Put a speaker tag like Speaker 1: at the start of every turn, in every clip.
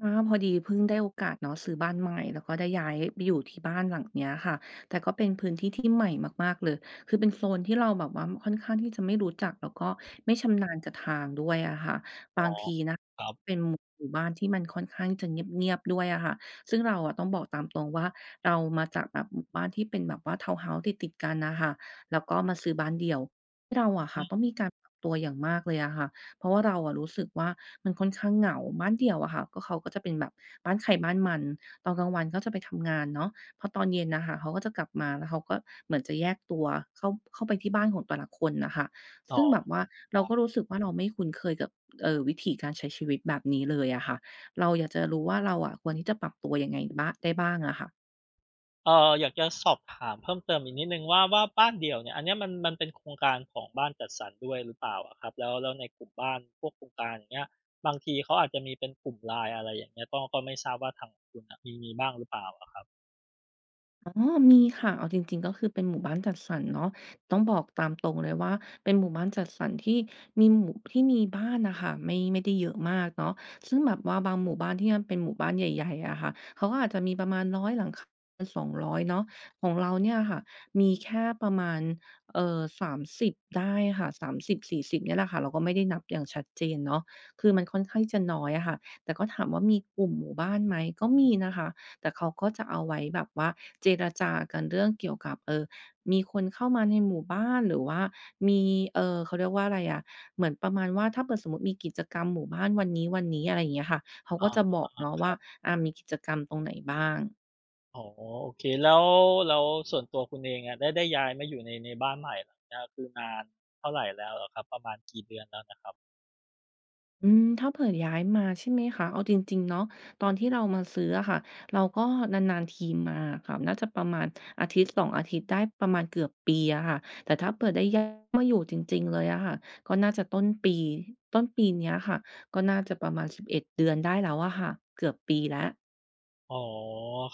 Speaker 1: อา พอดีเพิ่งได้โอกาสเนาะซื้อบ้านใหม่ แล้วก็ได้ย้ายไปอยู่ที่บ้านหลังเนี้ยค่ะ แต่ก็เป็นพื้นที่ที่ใหม่มาก ๆ เลย คือเป็นโซนที่เราแบบว่าค่อนข้างที่จะไม่รู้จัก แล้วก็ไม่ชำนาญกับทางด้วยอะค่ะ บ
Speaker 2: อ๋อ
Speaker 1: างทีนะ
Speaker 2: ครับ
Speaker 1: เป็นหมู่บ้านที่มันค่อนข้างจะเงียบ ๆ ด้วยอะค่ะ ซึ่งเราต้องบอกตามตรงว่าเรามาจากแบบหมู่บ้านที่เป็นแบบว่าทาวน์เฮาส์ติด ๆ กันอะค่ะ แล้วก็มาซื้อบ้านเดี่ยว เราอะค
Speaker 2: อ
Speaker 1: ่ะ
Speaker 2: ื
Speaker 1: ต
Speaker 2: อ
Speaker 1: ้องมีการปรับตัวอย่างมากเลยอะค่ะ เพราะว่าเรารู้สึกว่ามันค่อนข้างเหงา บ้านเดี่ยวอะค่ะ ก็เขาก็จะเป็นแบบบ้านใครบ้านมัน ตอนกลางวันก็จะไปทำงานเนาะ พอตอนเย็นน่ะค่ะเขาก็จะกลับมา แล้วเขาก็เหมือนจะแยกตัวเข้า เข้าไปที่บ้านของแต่ละคนน่ะค่ะ
Speaker 2: อ๋
Speaker 1: ซ
Speaker 2: อ
Speaker 1: ึ่งแบบว่า
Speaker 2: ค
Speaker 1: เร
Speaker 2: ร
Speaker 1: า
Speaker 2: ั
Speaker 1: ก็
Speaker 2: บ
Speaker 1: รู้สึกว่า เราไม่คุ้นเคยกับ เอ่อ วิถีการใช้ชีวิตแบบนี้เลยอะค่ะ เราอยากจะรู้ว่า เราอะควรที่จะปรับตัวยังไงบ้าง ได้บ้างอะค่ะ?
Speaker 2: เออ อยากจะสอบถามเพิ่มเติมอีกนิดหนึ่งว่า ว่าบ้านเดี่ยวเนี่ย อันเนี้ยมัน มันเป็นโครงการของบ้านจัดสรรด้วยหรือเปล่าอะครับ? แล้ว แล้วในกลุ่มบ้านพวกโครงการ อย่างเงี้ย บางทีเขาอาจจะมีเป็นกลุ่ม LINE อะไรอย่างเงี้ย ก็ ก็ไม่ทราบว่าทางคุณน่ะมี มีบ้างหรือเปล่าอะครับ?
Speaker 1: อ อ๋อ มีค่ะ เอาจริง ๆ ก็คือเป็นหมู่บ้านจัดสรรเนาะ ต้องบอกตามตรงเลยว่าเป็นหมู่บ้านจัดสรรที่มีหมู่ ที่มีบ้านน่ะค่ะ ไม่ ไม่ได้เยอะมากเนาะ ซึ่งแบบว่าบางหมู่บ้านที่เป็นหมู่บ้านใหญ่ ๆ อะค่ะ เขาก็อาจจะมีประมาณ 100 หลัง ค 200 เนาะ ของเราเนี่ยค่ะ มีแค่ประมาณ เอ่อ 30 ได้ค่ะ 30-40 เนี่ยแหละค่ะ เราก็ไม่ได้นับอย่างชัดเจนเนาะ คือมันค่อนข้างจะน้อยอะค่ะ แต่ก็ถามว่ามีกลุ่มหมู่บ้านไหม ก็มีนะคะ แต่เขาก็จะเอาไว้แบบว่าเจรจากันเรื่องเกี่ยวกับ เอ่อ มีคนเข้ามาในหมู่บ้าน หรือว่ามี เอ่อ เขาเรียกว่าไรอะ เหมือนประมาณว่า ถ้าเผิ่อสมมุติมีกิจกรรมหมู่บ้านวันนี้ ๆ อะไรเงี้ยค่ะ เขา
Speaker 2: อ๋
Speaker 1: ก
Speaker 2: อ
Speaker 1: ็จะบอกเนาะ
Speaker 2: ค
Speaker 1: ว
Speaker 2: ร
Speaker 1: ่า
Speaker 2: ับ
Speaker 1: อา มีกิจกรรมตรงไหนบ้าง
Speaker 2: อ๋อ โอเค แล้ว แล้วส่วนตัวคุณเองอะ ได้ ได้ย้ายมาอยู่ใน ในบ้านใหม่หลังเนี้ย คือนานเท่าไรแล้วเหรอครับ ประมาณกี่เดือนแล้วนะครับ?
Speaker 1: อืม ถ้าเผื่อย้ายมา ใช่ไหมคะ เอาจริง ๆ เนาะ ตอนที่เรามาซื้ออะค่ะ เราก็นาน ๆ ทีมาค่ะ น่าจะประมาณอาทิตย์ 2 อาทิตย์ ได้ประมาณเกือบปีอะค่ะ แต่ถ้าเผื่อได้ย้ายมาอยู่จริง ๆ เลยอะค่ะ ก็น่าจะต้นปี ต้นปีเนี้ยค่ะ ก็น่าจะประมาณ 11 เดือนได้แล้วอะค่ะ เกือบปีแล้ว
Speaker 2: อ๋อ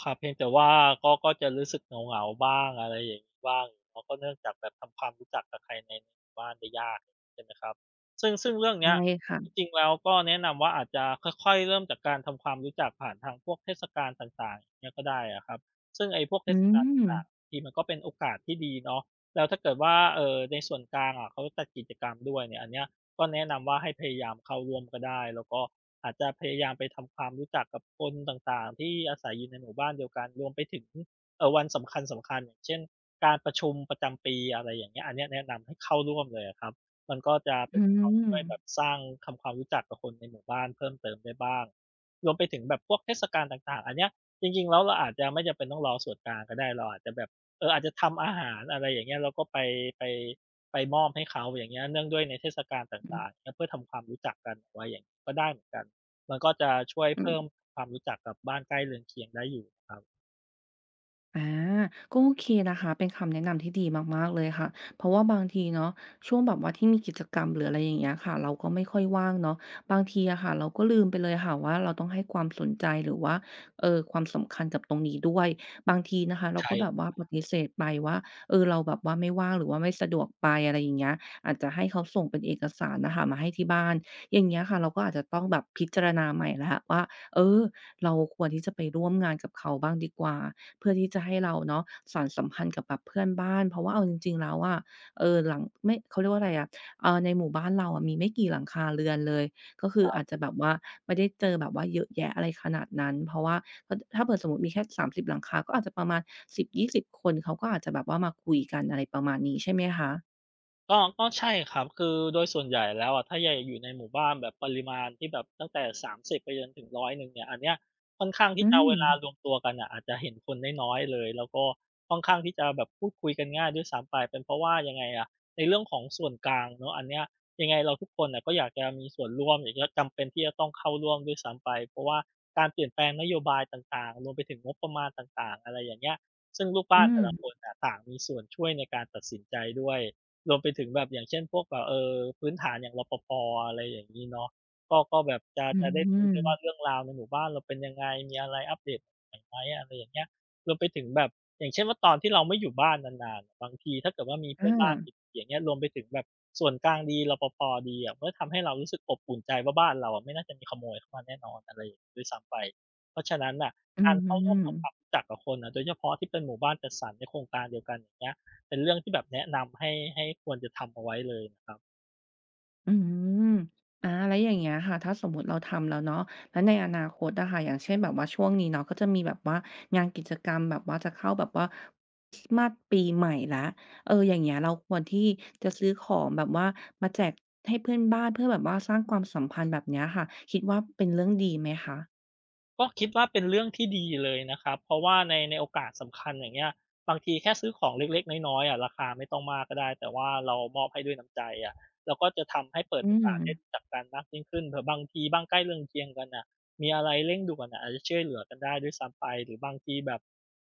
Speaker 2: ครับ เพียงแต่ว่าก็ ก็จะรู้สึกเหงา ๆ บ้าง อะไรอย่างงี้บ้าง อ๋อ ก็เนื่องจากแบบทำความรู้จักกับใครในหมู่บ้านได้ยาก ใช่ไหมครับ ซึ่ง ซึ่งเรื่อง
Speaker 1: ใช
Speaker 2: เน
Speaker 1: ่
Speaker 2: ี้ย
Speaker 1: ค่
Speaker 2: จ
Speaker 1: ะ
Speaker 2: ริง ๆ แล้วก็แนะนำว่าอาจจะค่อย ๆ เริ่มจากการทำความรู้จักผ่านทางพวกเทศกาลต่าง ๆ อย่างเงี้ยก็ได้อะครับ ซึ่งไอ้พวกเ
Speaker 1: อ
Speaker 2: ท
Speaker 1: ื
Speaker 2: ศกาลต่า
Speaker 1: อ!
Speaker 2: ง ๆ ทีมันก็เป็นโอกาสที่ดีเนาะ แล้วถ้าเกิดว่า เอ่อ ในส่วนกลางอะเขาจัดกิจกรรมด้วยเนี่ย อันเนี้ยก็แนะนำว่าให้พยายามเข้าร่วมก็ได้ แล้วก็อาจจะพยายามไปทำความรู้จักกับคนต่าง ๆ ที่อาศัยอยู่ในหมู่บ้านเดียวกัน รวมไปถึง เอ่อ วันสำคัญ ๆ อย่างเช่น การประชุมประจำปี อะไรอย่างเงี้ย อันเนี้ยแนะนำให้เข้าร่วมเลยอะครับ มันก็จะเ
Speaker 1: อ
Speaker 2: ป
Speaker 1: ื
Speaker 2: ็นตัวช่วยแบ
Speaker 1: ม
Speaker 2: บสร้าง ทำความรู้จักกับคนในหมู่บ้านเพิ่มเติมได้บ้าง รวมไปถึงแบบพวกเทศกาลต่าง ๆ อันเนี้ย จริง ๆ แล้วเราอาจจะไม่จำเป็นต้องรอส่วนกลางก็ได้ เราอาจจะแบบ เออ อาจจะทำอาหาร อะไรอย่างเงี้ย เราก็ไป ไป ไปมอบให้เขา อย่างเงี้ย เนื่องด้วยในเทศกาลต
Speaker 1: อื
Speaker 2: ่า
Speaker 1: อ
Speaker 2: ง ๆ เนี่ย เพื่อทำความรู้จักกันว่าอย่าง ก็ได้เหมือนกัน มันก็จะช่วย
Speaker 1: อื
Speaker 2: เพิ่
Speaker 1: อ
Speaker 2: มความรู้จักกับบ้านใกล้เรือนเคียงได้อยู่ครับ
Speaker 1: อา ก็โอเคนะคะ เป็นคำแนะนำที่ดีมาก ๆ เลยค่ะ เพราะว่าบางทีเนาะ ช่วงแบบว่าที่มีกิจกรรม หรืออะไรอย่างเงี้ยค่ะ เราก็ไม่ค่อยว่างเนาะ บางทีอะค่ะ เราก็ลืมไปเลยค่ะว่า เราต้องให้ความสนใจ หรือว่า เอ่อ ความสำคัญกับตรงนี้ด้วย บางทีนะคะเร
Speaker 2: ใ
Speaker 1: า
Speaker 2: ช
Speaker 1: ก็แบบว่า
Speaker 2: ่
Speaker 1: ปฏิเสธไปว่า เออ เราแบบว่าไม่ว่าง หรือว่าไม่สะดวกไป อะไรอย่างเงี้ย อาจจะให้เขาส่งเป็นเอกสารน่ะค่ะมาให้ที่บ้าน อย่างเงี้ยค่ะ เราก็อาจจะต้องแบบพิจารณาใหม่แล้วว่า เออ เราควรที่จะไปร่วมงานกับเขาบ้างดีกว่า เพื่อที่จะให้เราเนาะสานสัมพันธ์กับแบบเพื่อนบ้าน เพราะว่าเอาจริง ๆ แล้วอะ เออ หลัง ไม่ เขาเรียกว่าไรอะ อ่า ในหมู่บ้าน เราอะมีไม่กี่หลังคาเรือนเลย ก็คือ
Speaker 2: ครั
Speaker 1: อ
Speaker 2: บ
Speaker 1: าจจะแบบว่าไม่ได้เจอแบบว่าเยอะแยะอะไรขนาดนั้น เพราะว่า อ ถ้าเกิด สมมุติมีแค่ 30 หลังคา ก็อาจจะประมาณ 10-20 คน เขาก็อาจจะแบบว่ามาคุยกัน อะไรประมาณนี้ใช่ไหมคะ?
Speaker 2: ก็ ก็ใช่ครับ คือโดยส่วนใหญ่แล้วอะ ถ้าใหญ่ อยู่ในหมู่บ้านแบบปริมาณที่แบบตั้งแต่ 30 ไปจนถึง 100 เนี่ย อันเนี้ยค่อนข้างท
Speaker 1: อ
Speaker 2: ี
Speaker 1: ื
Speaker 2: ่จะเอาเวลา
Speaker 1: ม
Speaker 2: รวมตัวกันน่ะอาจจะเห็นคนน้อย ๆ เลย แล้วก็ค่อนข้างที่จะแบบพูดคุยกันง่ายด้วยซ้ำไป เป็นเพราะว่า ยังไงอะ ในเรื่องของส่วนกลางเนาะ อันเนี้ยยังไงเราทุกคนน่ะก็อยากจะมีส่วนร่วม หรือว่าจำเป็นที่จะต้องเข้าร่วมด้วยซ้ำไป เพราะว่าการเปลี่ยนแปลงนโยบายต่าง ๆ รวมไปถึงงบประมาณต่าง ๆ อะไรอย่างเงี้ย ซึ่งลูก
Speaker 1: อ
Speaker 2: บ
Speaker 1: ื
Speaker 2: ้านแต่ละ
Speaker 1: ม
Speaker 2: คนน่ะต่างมีส่วนช่วยในการตัดสินใจด้วย รวมไปถึงแบบ อย่างเช่น พวกแบบ เอ่อ พื้นฐานอย่าง รปภ. อะไรอย่างงี้เนาะ ก็ ก็แบบจะ
Speaker 1: อื
Speaker 2: จะได้รู้ด้วยว่า
Speaker 1: ม
Speaker 2: เรื่องราวในหมู่บ้านเราเป็นยังไง มีอะไรอัปเดตใหม่ไหม อะไรอย่างเงี้ย รวมไปถึงแบบ อย่างเช่นว่า ตอนที่เราไม่อยู่บ้านนาน ๆ บางทีถ้าเกิดว่ามีเพ
Speaker 1: อ
Speaker 2: ื่อนบ้าน
Speaker 1: า
Speaker 2: อย่างเงี้ย รวมไปถึงแบบส่วนกลางดี รปภ. ดีอะ มันก็ทำให้เรารู้สึกอบอุ่นใจว่า บ้านเราอะไม่น่าจะมีขโมยเข้ามาแน่นอน อะไรอย่างงี้ด้วยซ้ำไป เพราะฉะนั้นน่ะ
Speaker 1: อื
Speaker 2: การเข้าร่วมทำคว
Speaker 1: ม
Speaker 2: ามรู้จักกับคนน่ะ โดยเฉพาะที่เป็นหมู่บ้านจัดสรรในโครงการเดียวกัน อย่างเงี้ย เป็นเรื่องที่แบบแนะนำให้ ให้ควรจะทำเอาไว้เลยครับ
Speaker 1: อืม อา แล้วอย่างเงี้ยค่ะ ถ้าสมมุติเราทำแล้วเนาะ แล้วในอนาคตอะค่ะ อย่างเช่นแบบว่า ช่วงนี้เนาะ ก็จะมีแบบว่างานกิจกรรมแบบว่า จะเข้าแบบว่าคริสต์มาสปีใหม่แล้ว เออ อย่างเงี้ยเราควรที่จะซื้อของแบบว่ามาแจกให้เพื่อนบ้าน เพื่อแบบว่าสร้างความสัมพันธ์ แบบเนี้ยค่ะ คิดว่าเป็นเรื่องดีไหมคะ?
Speaker 2: ก็คิด ว่าเป็นเรื่องที่ดีเลยนะครับ เพราะว่าใน ในโอกาสสำคัญ อย่างเงี้ย บางทีแค่ซื้อของเล็ก ๆ น้อย ๆ อะ ราคาไม่ต้องมากก็ได้ แต่ว่าเรามอบให้ด้วยน้ำใจอะ เราก็จะทำให้เปิ
Speaker 1: อ
Speaker 2: ด
Speaker 1: ื
Speaker 2: โอกาสได้
Speaker 1: ม
Speaker 2: รู้จักกันมากยิ่งขึ้น เผื่อบางทีบ้างใกล้เรืองเคียงกันอะ มีอะไรเร่งด่วนอะ อาจจะช่วยเหลือกันได้ด้วยซ้ำไป หรือบางทีแบบ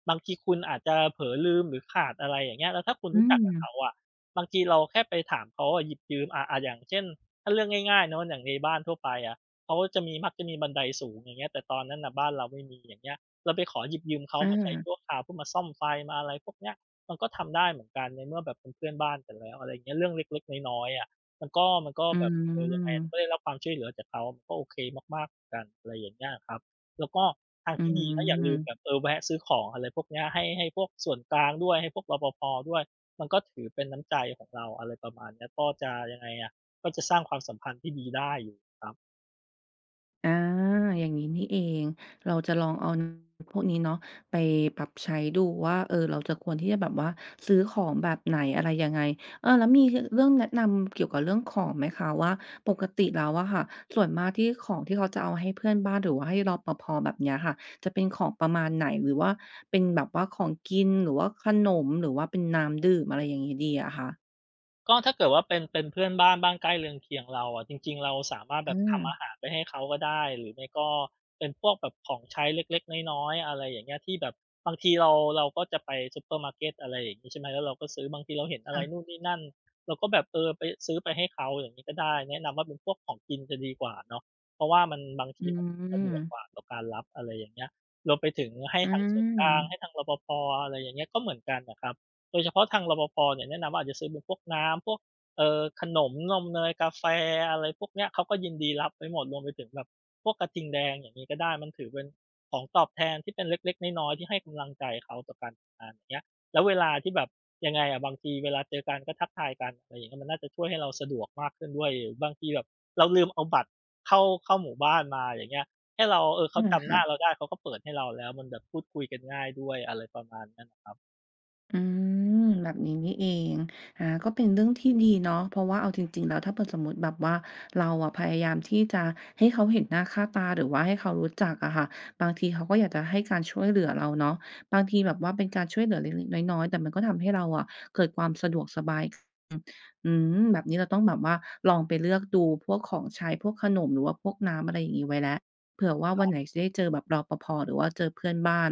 Speaker 2: บางทีคุณอาจจะเผลอลืม หรือขาดอะไรอย่างเงี้ย แล้วถ้าคุณ
Speaker 1: อื
Speaker 2: รู้จักกับเข
Speaker 1: ม
Speaker 2: าอะ บางทีเราแค่ไปถามเขาอะ หยิบยืมอะ อา อย่างเช่น ถ้าเรื่องง่าย ๆ เนาะ อย่างในบ้านทั่วไปอะ เขาก็จะมี มักจะมีบันไดสูง อย่างเงี้ย แต่ตอนนั้นน่ะบ้านเราไม่มี อย่างเงี้ย เราไปขอหยิบยืมเขา
Speaker 1: อ
Speaker 2: มาใช้
Speaker 1: า
Speaker 2: ชั่วคราว เพื่อมาซ่อมไฟ มาอะไรพวกเนี้ย มันก็ทำได้เหมือนกัน ในเมื่อแบบเป็นเพื่อนบ้านกันแล้ว อะไรอย่างเงี้ย เรื่องเล็ก ๆ น้อย ๆ อะ มันก็ มันก็
Speaker 1: อื
Speaker 2: แบบ เออ ยังไงอะ มัน
Speaker 1: ม
Speaker 2: ก็ได้รับความช่วยเหลือจากเขา มันก็โอเคมาก ๆ เหมือนกัน อะไรอย่างเงี้ยครับ แล้วก็ทาง
Speaker 1: อื
Speaker 2: ที่ดีนะอย่าลืม
Speaker 1: ม
Speaker 2: แบบ เออ แวะซื้อของอะไรพวกเนี้ย ให้ ให้พวกส่วนกลางด้วย ให้พวก รปภ. ด้วย มันก็ถือเป็นน้ำใจของเรา อะไรประมาณนี้ ก็จะ ยังไงอะ ก็จะสร้างความสัมพันธ์ที่ดีได้อยู่ครับ
Speaker 1: อา อย่างนี้นี่เอง เราจะลองเอา อ พวกนี้เนาะ ไปปรับใช้ดูว่า เออ เราจะ ควรที่จะแบบว่าซื้อของแบบไหน อะไรยังไง เออ แล้วมี ค เรื่องแนะนำเกี่ยวกับเรื่องของไหมคะว่า ปกติแล้วอะค่ะ ส่วนมากที่ของที่เขาจะเอาให้เพื่อนบ้าน หรือว่าให้ รปภ. แบบเนี้ยค่ะ จะเป็นของประมาณไหน? หรือว่าเป็นแบบว่าของกิน หรือว่าขนม หรือว่าเป็นน้ำดื่ม อะไรอย่างนี้ดีอะคะ?
Speaker 2: ก็ถ้าเกิดว่าเป็น เป็นเพื่อนบ้าน บ้านใกล้เรือนเคียงเราอะ จริง ๆ เราสามารถ
Speaker 1: อื
Speaker 2: แบบทำ
Speaker 1: ม
Speaker 2: อาหารไปให้เขาก็ได้ หรือไม่ก็เป็นพวกแบบของใช้เล็ก ๆ น้อย ๆ อะไรอย่างเงี้ย ที่แบบบางทีเรา เราก็จะไปซูเปอร์มาร์เก็ต อะไรอย่างงี้ ใช่ไหม แล้วเราก็ซื้อ บางทีเราเห็นอะ
Speaker 1: ค
Speaker 2: ไ
Speaker 1: ่
Speaker 2: ร
Speaker 1: ะ
Speaker 2: นู่นนี่นั่น เราก็แบบ เออ ไป ซื้อไปให้เขา อย่างนี้ก็ได้ แนะนำว่าเป็นพวกของกินจะดีกว่าเนาะ เพราะว่ามัน บาง
Speaker 1: อ
Speaker 2: ท
Speaker 1: ื
Speaker 2: ีมันสะดวก
Speaker 1: ม
Speaker 2: กว่าต่อการรับ อะไรอย่างเงี้ย เราไปถึงให้
Speaker 1: อื
Speaker 2: ทั้งส่วนกลาง ให
Speaker 1: ม
Speaker 2: ้ทั้ง รปภ. อะไรอย่างเงี้ย ก็เหมือนกันอะครับ โดยเฉพาะทาง รปภ. เนี่ยแนะนำว่าอาจจะซื้อเป็นพวกน้ำ พวก เอ่อ ขนม นม เนย กาแฟ อะไรพวกเนี้ย เขาก็ยินดีรับไว้หมด รวมไปถึงแบบพวกกระทิงแดง อย่างนี้ก็ได้ มันถือเป็นของตอบแทนที่เป็นเล็ก ๆ น้อย ๆ ที่ให้กำลังใจเขาต่อการทำงาน อย่างเงี้ย แล้วเวลาที่แบบ ยังไงอะ บางทีเวลาเจอกันก็ทักทายกัน อะไรอย่างเงี้ย มันน่าจะช่วยให้เราสะดวกมากขึ้นด้วย หรือบางทีแบบเราลืมเอาบัตรเข้า เข้าหมู่บ้านมา อย่างเงี้ย ให้เรา เอ่อ เ
Speaker 1: อ
Speaker 2: ข
Speaker 1: ื
Speaker 2: า
Speaker 1: ม
Speaker 2: จ
Speaker 1: ค
Speaker 2: ำหน
Speaker 1: ่
Speaker 2: ้า
Speaker 1: ะ
Speaker 2: เราได้ เขาก็เปิดให้เราแล้ว มันแบบพูดคุยกันง่ายด้วย อะไรประมาณนั้นครับ
Speaker 1: อืม แบบนี้นี่เอง อา ก็เป็นเรื่องที่ดีเนาะ เพราะว่าเอาจริง ๆ แล้ว ถ้าเผื่อสมมุติแบบว่าเราอะพยายามที่จะให้เขาเห็นหน้าค่าตา หรือว่าให้เขารู้จักอะค่ะ บางทีเขาก็อยากจะให้การช่วยเหลือเราเนาะ บางทีแบบว่าเป็นการช่วยเหลือเล็ก ๆ น้อย ๆ แต่มันก็ทำให้เราอะเกิดความสะดวกสบาย อ อืม แบบนี้เราต้องแบบว่า ลองไปเลือกดูพวกของใช้ พวกขนม หรือว่าพวกน้ำ อะไรอย่างนี้ไว้แล้ว เผื่อว่าว
Speaker 2: ค
Speaker 1: ั
Speaker 2: ร
Speaker 1: น
Speaker 2: ับ
Speaker 1: ไหนจะได้เจอแบบ รปภ. หรือว่าเจอเพื่อนบ้าน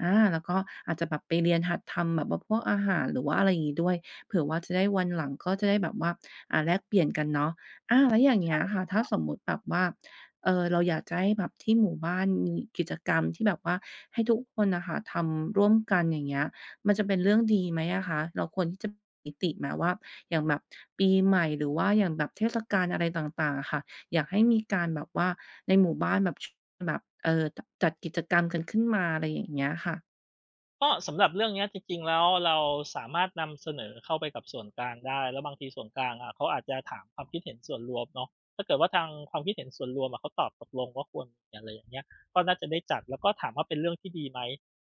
Speaker 1: อา แล้วก็อาจจะแบบไปเรียนหัดทำแบบว่าพวกอาหาร หรือว่าอะไรอย่างงี้ด้วย เผื่อว่าจะได้ วันหลังก็จะได้แบบว่า อ่า แลกเปลี่ยนกันเนาะ อา แล้วอย่างเ
Speaker 2: ใ
Speaker 1: ง
Speaker 2: ช
Speaker 1: ี้
Speaker 2: ่
Speaker 1: ยค่ะ ถ้
Speaker 2: ค
Speaker 1: า
Speaker 2: รับ
Speaker 1: สมมุติแบบว่า เออ เราอยากจะให้แบบที่หมู่บ้านมีกิจกรรมที่แบบว่าให้ทุกคนน่ะค่ะทำร่วมกัน อย่างเงี้ย มันจะเป็นเรื่องดีไหมอะคะ? เราควรที่จะบอกนิติไหมว่า อย่างแบบปีใหม่ หรือว่าอย่างแบบเทศกาลอะไรต่าง ๆ อะค่ะ อยากให้มีการแบบว่า ในหมู่บ้านแบบ ช แบบ เออ ต จัดกิจกรรมกันขึ้นมา อะไรอย่างเงี้ยค่ะ
Speaker 2: ก็สำหรับเรื่องนี้จริง ๆ แล้ว เราสามารถนำเสนอเข้าไปกับส่วนกลางได้ แล้วบางทีส่วนกลางอะเขาอาจจะถามความคิดเห็นส่วนรวมเนาะ ถ้าเกิดว่าทางความคิดเห็นส่วนรวมอะ เขาตอบตกลงว่าควรมี อะไรอย่างเงี้ย ก็น่าจะได้จัด แล้วก็ถามว่าเป็นเรื่องที่ดีไหม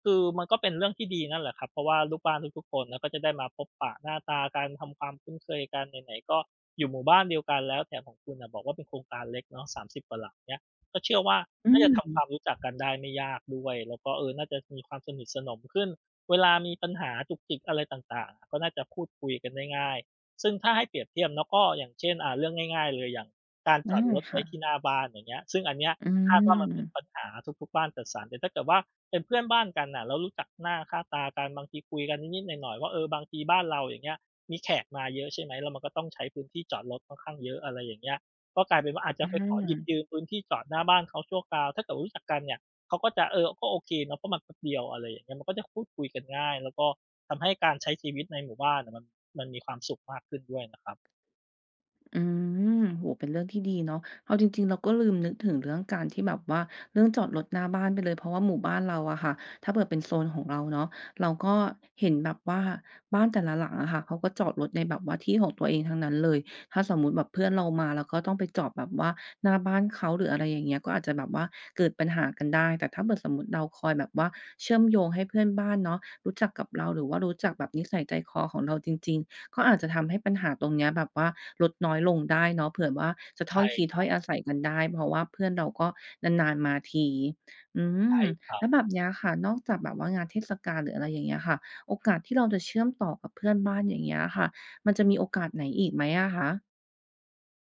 Speaker 2: คือมันก็เป็นเรื่องที่ดีนั่นแหละครับ เพราะว่าลูกบ้านทุก ๆ คนเนาะก็จะได้มาพบปะหน้าตากันทำความคุ้นเคยกัน ไหน ๆ ก็อยู่หมู่บ้านเดียวกันแล้ว แถมของคุณน่ะบอกว่าเป็นโครงการเล็กเนาะ 30 กว่าหลัง เงี้ย ก็เชื่อว่า
Speaker 1: อ
Speaker 2: น่าจะทำคว
Speaker 1: ืม
Speaker 2: ามรู้จักกันได้ไม่ยากด้วย แล้วก็ เออ น่าจะมีความสนิทสนมขึ้น เวลามีปัญหาจุกจิกอะไรต่าง ๆ ก็น่าจะพูดคุยกันได้ง่าย ซึ่งถ้าให้เปรียบเทียบเนาะ ก็อย่างเช่น อ่า เรื่องง่าย ๆ เลย อย่างการ
Speaker 1: ได
Speaker 2: จ
Speaker 1: ้
Speaker 2: อดรถ
Speaker 1: ค
Speaker 2: ไว
Speaker 1: ่
Speaker 2: ้ที่
Speaker 1: ะ
Speaker 2: หน้าบ้าน อย่างเงี้ย ซึ่งอันเนี้ย
Speaker 1: อื
Speaker 2: คาดว่ามันเป็น
Speaker 1: ม
Speaker 2: ปัญหาทุก ๆ บ้านจัดสรร แต่ถ้าเกิดว่าเป็นเพื่อนบ้านกันน่ะ เรารู้จักหน้าค่าตากัน บางทีคุยกันนิด ๆ หน่อย ๆ ว่า เออ บางทีบ้านเราอย่างเงี้ย มีแขกมาเยอะ ใช่ไหม แล้วมันก็ต้องใช้พื้นที่จอดรถค่อนข้างเยอะ อะไรอย่างเงี้ย ก็กลายเป็นว่าอาจจ
Speaker 1: อื
Speaker 2: ะไปขอหยิ
Speaker 1: อ
Speaker 2: บยืมพื้นที่จอดหน้าบ้านเขาชั่วคราว ถ้าเกิดรู้จักกันเนี่ย เขาก็จะ เออ ก็โอเคเนาะ เพราะมันแป๊บเดียว อะไรอย่างเงี้ย มันก็จะพูดคุยกันง่าย แล้วก็ทำให้การใช้ชีวิตในหมู่บ้านน่ะ มัน มันมีความสุขมากขึ้นด้วยนะครับ
Speaker 1: อืม โอ้โฮ เป็นเรื่องที่ดีเนาะ เอาจริง ๆ เราก็ลืมนึกถึงเรื่องการที่แบบว่า เรื่องจอดรถหน้าบ้านไปเลย เพราะว่าหมู่บ้านเราอะค่ะ ถ้าเกิดเป็นโซนของเราเนาะ เราก็เห็นแบบว่า บ้านแต่ละหลังอะค่ะ เขาก็จอดรถในแบบว่าที่ของตัวเองทั้งนั้นเลย ถ้าสมมุติแบบเพื่อนเรามา เราก็ต้องไปจอดแบบว่าหน้าบ้านเขา หรืออะไรอย่างเงี้ย ก็อาจจะแบบว่าเกิดปัญหากันได้ แต่ถ้าเผื่อสมมุติเราคอยแบบว่าเชื่อมโยงให้เพื่อนบ้านเนาะรู้จักกับเรา หรือว่ารู้จักแบบนิสัยใจคอของเราจริง ๆ ก็อาจจะทำให้ปัญหาตรงเนี้ยแบบว่าลดน้อยลงได้เนาะ เผื่อว่าจะ
Speaker 2: ใ
Speaker 1: ถ้
Speaker 2: ช
Speaker 1: อ
Speaker 2: ่
Speaker 1: ยที
Speaker 2: ค
Speaker 1: ถ
Speaker 2: ร
Speaker 1: ้
Speaker 2: ั
Speaker 1: อย
Speaker 2: บ
Speaker 1: อาศัยกันได้ เพราะว่าเพื่อนเราก็นาน ๆ มาที อื
Speaker 2: ใช
Speaker 1: ม
Speaker 2: ่คร
Speaker 1: แ
Speaker 2: ั
Speaker 1: ล
Speaker 2: บ
Speaker 1: ้วแบบ เนี้ยค่ะ นอกจากแบบว่างานเทศกาล หรืออะไรอย่างเงี้ยค่ะ โอกาสที่เราจะเชื่อมต่อกับเพื่อนบ้าน อย่างเงี้ยค่ะ มันจะมีโอกาสไหนอีกไหมอะคะ?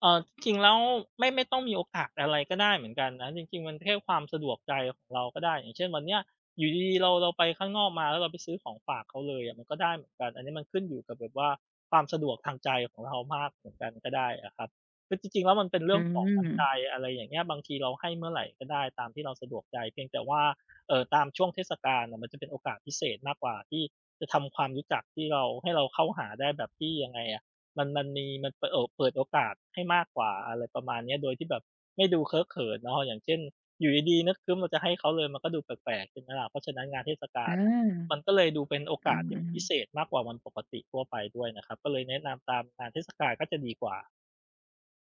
Speaker 2: เออ จริงแล้วไม่ ไม่ต้องมีโอกาสอะไรก็ได้เหมือนกันนะ จริง ๆ มันแค่ความสะดวกใจของเราก็ได้ อย่างเช่น วันเนี้ยอยู่ดี ๆ เรา เราไปข้างนอกมา แล้วเราไปซื้อของฝากเขาเลยอะมันก็ได้เหมือนกัน อันเนี้ยมันขึ้นอยู่กับแบบว่า ความสะดวกทางใจของเรามากเหมือนกันก็ได้อะครับ คือจริง ๆ แล้วมันเป็นเรื
Speaker 1: อ
Speaker 2: ่
Speaker 1: ื
Speaker 2: องของน้ำใจ
Speaker 1: ม
Speaker 2: อะไรอย่างเงี้ย บางทีเราให้เมื่อไรก็ได้ตามที่เราสะดวกใจ เพียงแต่ว่า เอ่อ ตามช่วงเทศกาลอะ มันจะเป็นโอกาสพิเศษมากกว่าที่จะทำความรู้จัก ที่เรา ให้เราเข้าหาได้แบบที่ ยังไงอะ มัน มันมี มันเปิดโอ เปิดโอกาสให้มากกว่า อะไรประมาณเนี้ย โดยที่แบบไม่ดูเคอะเขินเนาะ อย่างเช่น อยู่ดี ๆ นึกครึ้ม เราจะให้เขาเลย มันก็ดูแปลก ๆ ใช่ไหมล่ะ เพราะฉะนั้นงานเทศกา
Speaker 1: อา
Speaker 2: ลอะ มันก็เลยดูเป็นโอ
Speaker 1: อ
Speaker 2: ก
Speaker 1: ื
Speaker 2: าสที่มัน
Speaker 1: ม
Speaker 2: พิเ
Speaker 1: ๆ
Speaker 2: ศษมากกว่าวันปกติทั่วไปด้วยนะครับ ก็เลยแนะนำตามงานเทศกาลก็จะดีกว่า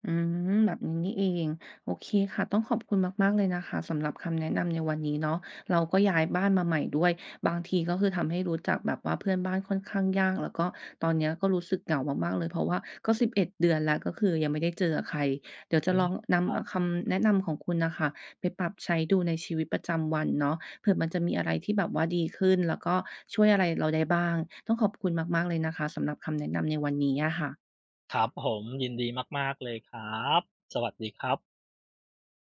Speaker 1: อืม แบบนี้นี่เอง โอเคค่ะ ต้องขอบคุณมาก ๆ เลยนะคะ สำหรับคำแนะนำในวันนี้เนาะ เราก็ย้ายบ้านมาใหม่ด้วย บางทีก็คือทำให้รู้จักแบบว่าเพื่อนบ้านค่อนข้างยาก แล้วก็ตอนเนี้ยก็รู้สึกเหงามาก ๆ เลย เพราะว่าก็ 11 เดือนแล้ว ก็คือยังไม่ได้เจอกับใคร เดี๋ยวจะ
Speaker 2: อื
Speaker 1: ล
Speaker 2: ม
Speaker 1: องน
Speaker 2: คร
Speaker 1: ำ
Speaker 2: ั
Speaker 1: อ
Speaker 2: บ
Speaker 1: คำแนะนำของคุณน่ะค่ะไปปรับใช้ดูในชีวิตประจำวันเนาะ เผื่อมันจะมีอะไรที่แบบว่าดีขึ้น แล้วก็ช่วยอะไรเราได้บ้าง ต้องขอบคุณมาก ๆ เลยนะคะ สำหรับคำแนะนำในวันนี้อะค่ะ
Speaker 2: ครับผม ยินดีมาก ๆ เลยครับ สวัสดีครับ